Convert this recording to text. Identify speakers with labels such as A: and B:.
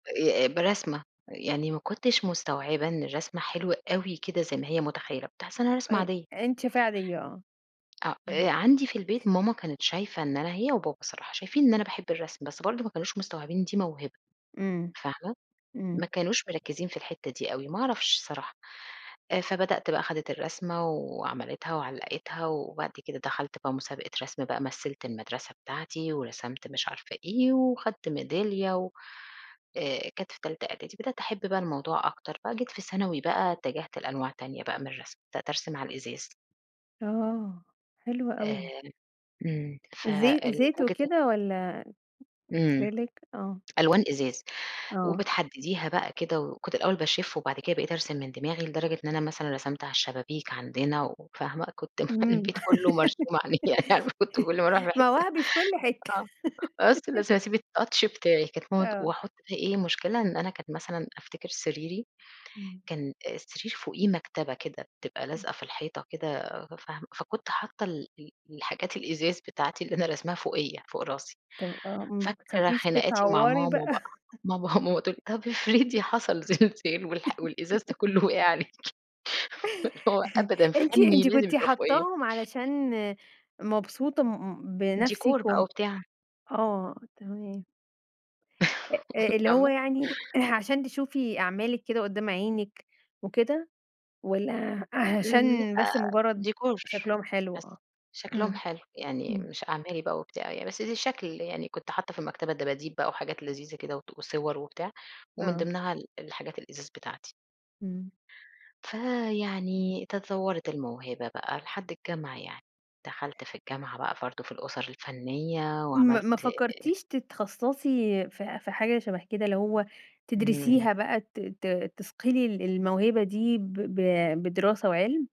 A: آآ، برسمة يعني ما كنتش مستوعبة إن الرسمة حلوة أوي كده زي ما هي متخيلة، كنت حاسة إنها رسمة
B: أ
A: عادية.
B: أنتِ فعليّا آه،
A: آه،
B: إمم.
A: آآ عندي في البيت ماما كانت شايفة إن أنا هي وبابا الصراحة شايفين إن أنا باحب الرسم بس برضه ما كانوش مستوعبين إن دي موهبة
B: إمم،
A: فاهمة، ما
B: إمم.
A: كانوش مركّزين في الحتّه دي أوي ما أعرفش الصراحة، آآ فبدأت بقى خدت الرسمة و وعملتها وعلقتها، وبعد كده دخلت بقى مسابقة رسم بقى مثلت المدرسة بتاعتي، ورسمت مش عارفة إيه وخدت ميدالية و آآ، كانت في تالتة اعدادي بدأت أحب بقى الموضوع أكتر بقى جيت في ثانوي بقى اتجهت لأنواع تانية بقى من الرسم، بدأت أرسم على الإزاز.
B: آه، حلو أوي.
A: آمم، إمم،
B: زي زيت
A: [unintelligible]
B: وكده والّا
A: إمم،
B: أكريليك آه.
A: ألوان إزاز
B: آه.
A: وبتحدّديها بقى كده، وكنت الأول باشِف وبعد كده بقيت أرسم من دماغي، لدرجة إن أنا مثلًا رسمت على الشبابيك عندنا وفاهمة، كنت مخ
B: إمم،
A: البيت كله مرسوم عليه، يعني كنت كل ما أروح في حتّه
B: مواهبي في كل حتّه.
A: آه [unintelligible] اسيب الtouch بتاعي كانت ماما تق
B: آه.
A: وأحط ف إيه مشكلة إن أنا كنت مثلًا أفتكر سريري
B: إمم.
A: كان السرير فوقيه مكتبة كده بتبقى
B: إمم.
A: لازقة في الحيطة كده فاهمة فكنت حاطة ال ال الحاجات الإزاز بتاعتي اللي أنا راسماها فوقيّا فوق راسي،
B: طَب آه، إمم ما
A: فاكرة
B: بتخافيش
A: خناقاتي مع
B: تتعوّري
A: ماما
B: بقى؟
A: بقى ماما ماما تقُول لي طَب افرضي حصل زلزال والح والإزاز ده كله وقع عليكِ، اللي هو أبدًا
B: أنتِ
A: فنّي
B: أنتِ
A: لازم
B: كنتِ
A: يبقى فوقيّا.
B: حاطاهم علشان مبسوطة م م
A: ديكور
B: بنفسِك
A: بقى
B: وم
A: وبتاع.
B: آه تمام. أ اللي هو
A: فاهمة؟
B: يعني عشان تشوفي أعمالِك كده قدّام عينِك وكده، والّا
A: امم،
B: عشان بس
A: لأ
B: مجرّد
A: ديكور
B: شكلهم حلو؟
A: حاسة
B: آه،
A: شكلهم
B: إمم،
A: حلو، يعني
B: إمم.
A: مش أعمالي بقى وبتاع، ي بس ده شكل يعني كنت حاطة في المكتبة دباديب بقى وحاجات لذيذة كده وت وصور وبتاع، ومن
B: آه.
A: ضمنها ال الحاجات الإزاز بتاعتي.
B: إمم.
A: فيعني تطوّرت الموهبة بقى لحد الجامعة يعني، دخلت في الجامعة بقى برضه في الأُسر الفنية
B: ما ما
A: وعملت آآ
B: فكرتيش تتخصصي في في حاجة شبه كده اللي هو
A: إمم.
B: تدرسيها بقى ت ت تثقلي ال الموهبة دي ب ب بدراسة وعِلم؟